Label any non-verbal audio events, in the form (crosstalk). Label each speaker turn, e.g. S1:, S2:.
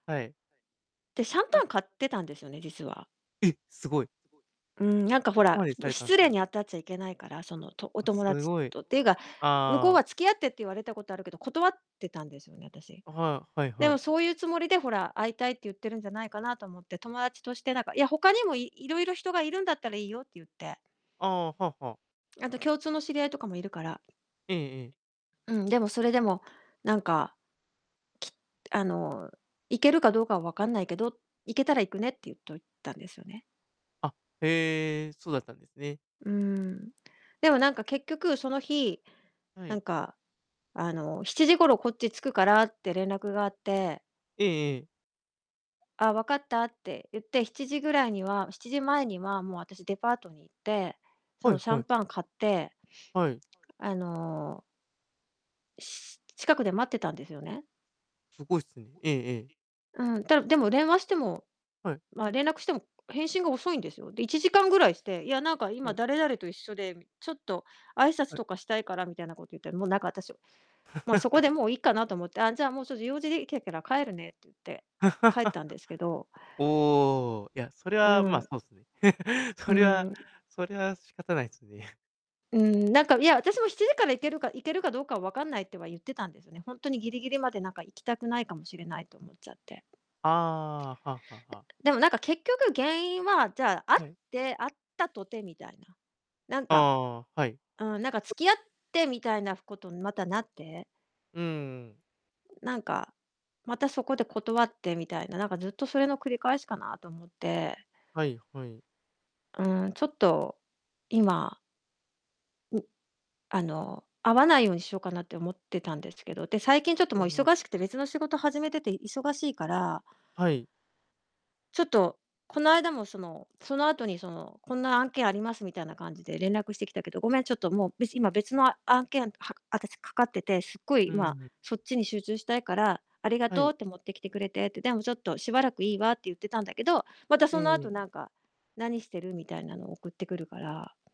S1: はい。
S2: で、シャン
S1: あ。
S2: パン買ってたんですよね、実は。
S1: え、すごい。
S2: うーん、なんか、ほ
S1: そこ
S2: ら、
S1: までさ
S2: ん、
S1: れたん
S2: 失
S1: す
S2: 礼
S1: ね。
S2: に当たっちゃいけないから、その、とお
S1: あ、
S2: 友
S1: す
S2: 達
S1: ごい。
S2: とていうか、向こう
S1: ああ。
S2: は付き合ってって言われたことあるけど、断ってたんですよね、私。
S1: あ、はい、はい
S2: で
S1: は
S2: も、
S1: い。
S2: そういうつもりで、ほら、会いたいって言ってるんじゃないかなと思って、友達として、なんか、いや、他にもいいろいろ人がいるんだったらいいよって言って。
S1: ああ、はあはあ。
S2: あと共通の知り合いとかもいるから。
S1: ええええ。
S2: うん、でも、それでも、なんか、きあの、行けるかどうかはわかんないけど、行けたら行くねって言っといたんですよね。
S1: あ、へえ、そうだったんですね。
S2: うーん。でも、なんか、結局その日、
S1: は
S2: なん
S1: い。
S2: か、あの、7時頃こっち着くからって連絡があって。
S1: ええええ。
S2: あ、わかったって言って、7時ぐらいには7時前にはもう私デパートに行って、そ
S1: は
S2: の、
S1: い
S2: シャ
S1: は
S2: ン
S1: い。
S2: パン買って
S1: はい。
S2: あのし近くで待ってたんですよね。
S1: すごいすね。ええええ。
S2: うん、だでも電話しても、
S1: はい。
S2: まあ、連絡しても、返信が遅いんですよ。で、1時間ぐらいして、いや、なんか、
S1: は
S2: 今
S1: い。
S2: 誰々と一緒でみちょっと挨拶
S1: はい。
S2: とかしたいからみたいなこと言って。もう、なんか、私、まあ、そこで、
S1: (chuckles)
S2: もういいかなと思って、あ、じゃあ、もう、ちょっと用事できえから帰るねって言って、帰っ
S1: (laughs)
S2: たんですけど。
S1: おお、いや、それ
S2: う
S1: は、
S2: ー
S1: まあ、
S2: ん。
S1: そうっすね。(chuckles)
S2: う
S1: それは
S2: ーん。
S1: それは仕方ないですね。
S2: うーん、なんか、いや、私も7時から行けるか行けるかどうかは分かんないっては言ってたんですね。ほんとにギリギリまで、なんか、行きたくないかもしれないと思っちゃって。
S1: ああ、はあはあはあ。
S2: でも、なんか、結局原因は、じゃあ、会っ
S1: はい。
S2: て会ったとてみたいな。なんか
S1: ああ、はい。
S2: うん、なんか付き合ってみたいなことにまたなって
S1: うんうん。
S2: ん、なんか、またそこで断ってみたいな、なんか、ずっとそれの繰り返しかなと思って。
S1: はいはい。
S2: うーん、ちょっと、今ん、あの、会わないようにしようかなって思ってたんですけど。で、最近ちょっと
S1: あ
S2: もう
S1: あ。
S2: 忙しくて別の仕事を始めてて忙しいから
S1: はい。
S2: ちょっと、この間も、その、その後に、その、こんな案件ありますみたいな感じで連絡してきたけど、ごめん、ちょっともう、べし今別の案件は私かかってて、すっご
S1: う
S2: い、ま、
S1: ーん。
S2: そっちに集中したいから、ありが
S1: は
S2: とう
S1: い。
S2: って、持ってきてくれてって、でもちょっと、しばらくいいわって言ってたんだけど、また
S1: え
S2: そ
S1: え
S2: の
S1: え
S2: 後、
S1: え。
S2: なんか、「何してる？」みたいなのを送ってくるから。